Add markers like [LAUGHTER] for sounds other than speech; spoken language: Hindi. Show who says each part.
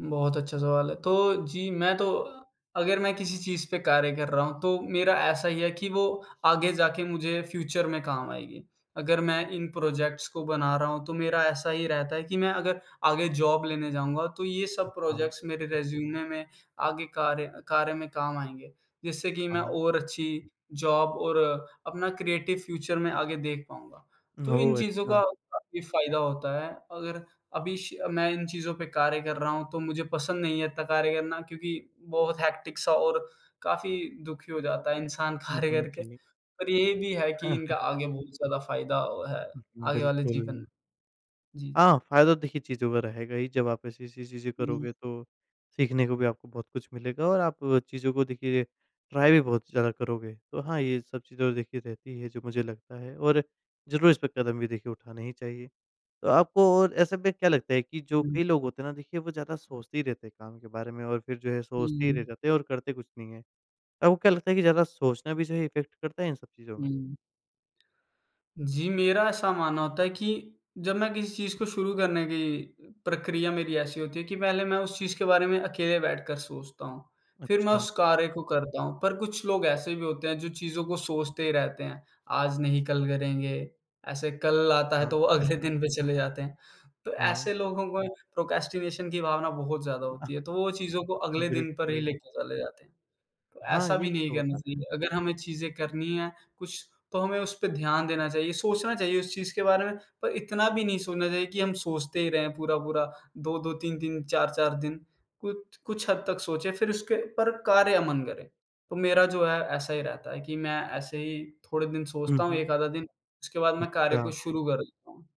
Speaker 1: बहुत अच्छा सवाल है। तो जी, मैं तो अगर मैं किसी चीज़ पे कार्य कर रहा हूँ, तो मेरा ऐसा ही है कि वो आगे जा के मुझे फ्यूचर में काम आएगी। अगर मैं इन प्रोजेक्ट्स को बना रहा हूँ, तो मेरा ऐसा ही रहता है कि मैं अगर आगे जॉब लेने जाऊँगा, तो ये सब
Speaker 2: हाँ, हाँ।
Speaker 1: प्रोजेक्ट्स मेरे रिज़्यूमे में आगे कार्य कार्य में काम आएँगे, जिससे कि मैं
Speaker 2: हाँ, हाँ।
Speaker 1: और अच्छी जॉब और अपना क्रिएटिव फ्यूचर मैं आगे देख पाऊँगा। तो इन
Speaker 2: ओह,
Speaker 1: चीज़ों का
Speaker 2: अच्छा!
Speaker 1: काफ़ी फायदा होता है, अगर अभी श मैं इन चीज़ों पे कार्य कर रहा हूँ तो मुझे पसंद नहीं है इत्ता कार्य करना, क्योंकि बहुत हेक्टिक सा और काफ़ी दुखी हो जाता है इंसान
Speaker 2: हुँ,
Speaker 1: कार्य
Speaker 2: हुँ,
Speaker 1: करके।
Speaker 2: जी।
Speaker 1: पर ये भी है कि इनका
Speaker 2: [CHUCKLES]
Speaker 1: आगे बहुत ज़्यादा फायदा है, आगे वाले
Speaker 2: बिल्कुल।
Speaker 1: जीवन जी, जी।
Speaker 2: हाँ, फायदा तो देखिए चीज़ों का रहेगा ही, जब आप ऐसी-ऐसी चीज़ें
Speaker 1: हुँ।
Speaker 2: करोगे तो सीखने को भी आपको बहुत कुछ मिलेगा और आप चीज़ों को देखिए ट्राई भी बहुत ज़्यादा करोगे, तो हाँ, ये सब चीज़ें देखिए रहती है जो मुझे लगता है और ज़रूर इस पे कदम भी देखिए उठाना ही चाहिए। तो आपको और ऐसे में क्या लगता है कि जो
Speaker 1: हुँ।
Speaker 2: कई लोग होते हैं ना, देखिए वो ज़्यादा सोचते ही रहते हैं काम के बारे में और फिर जो है, सोचते ही रह
Speaker 1: हुँ।
Speaker 2: जाते हैं और करते कुछ नहीं है। आपको क्या लगता है कि ज़्यादा सोचना भी जो है इफेक्ट करता है इन सब चीज़ों में?
Speaker 1: हुँ। जी, मेरा ऐसा मानना होता है कि जब मैं किसी चीज़ को शुरू करने की प्रक्रिया मेरी ऐसी होती है कि पहले मैं उस चीज़ के बारे में अकेले बैठकर सोचता हूँ, फिर मैं
Speaker 2: अच्छा।
Speaker 1: उस कार्य को करता हूँ पर कुछ लोग ऐसे भी होते हैं, जो चीज़ों को सोचते ही रहते हैं आज नहीं, कल करेंगे, ऐसे कल आता है,
Speaker 2: अच्छा।
Speaker 1: तो वो अगले दिन पे चले जाते हैं। तो
Speaker 2: हाँ, हाँ।
Speaker 1: ऐसे लोगों को प्रोक्रैस्टिनेशन की भावना बहुत ज़्यादा होती है, तो वो चीज़ों को
Speaker 2: [CHUCKLES] अ,
Speaker 1: अगले दिन पर ही
Speaker 2: बिल्कुल।
Speaker 1: लेके चले जाते हैं, तो
Speaker 2: हाँ,
Speaker 1: ऐसा
Speaker 2: ये
Speaker 1: भी नहीं
Speaker 2: तो
Speaker 1: करना
Speaker 2: होता है।
Speaker 1: चाहिए। अगर हमें चीज़ें करनी हैं कुछ, तो हमें उस पे ध्यान देना चाहिए, सोचना चाहिए उस चीज़ के बारे में पर इतना भी नहीं सोचना चाहिए कि हम सोचते ही रहें पूरा-पूरा 2-2, 3-3, 4-4 दिन कुछ कुछ हद तक सोचें, फिर उसके ऊपर कार्य अमन करें। तो मेरा जो है, ऐसा ही रहता है कि मैं ऐसे ही थोड़े दिन
Speaker 2: हुँ,
Speaker 1: सोचता हूँ,
Speaker 2: हुँ।
Speaker 1: 1 आधा दिन उसके बाद मैं कार्य को
Speaker 2: अच्छा।
Speaker 1: शुरू कर देता हूँ।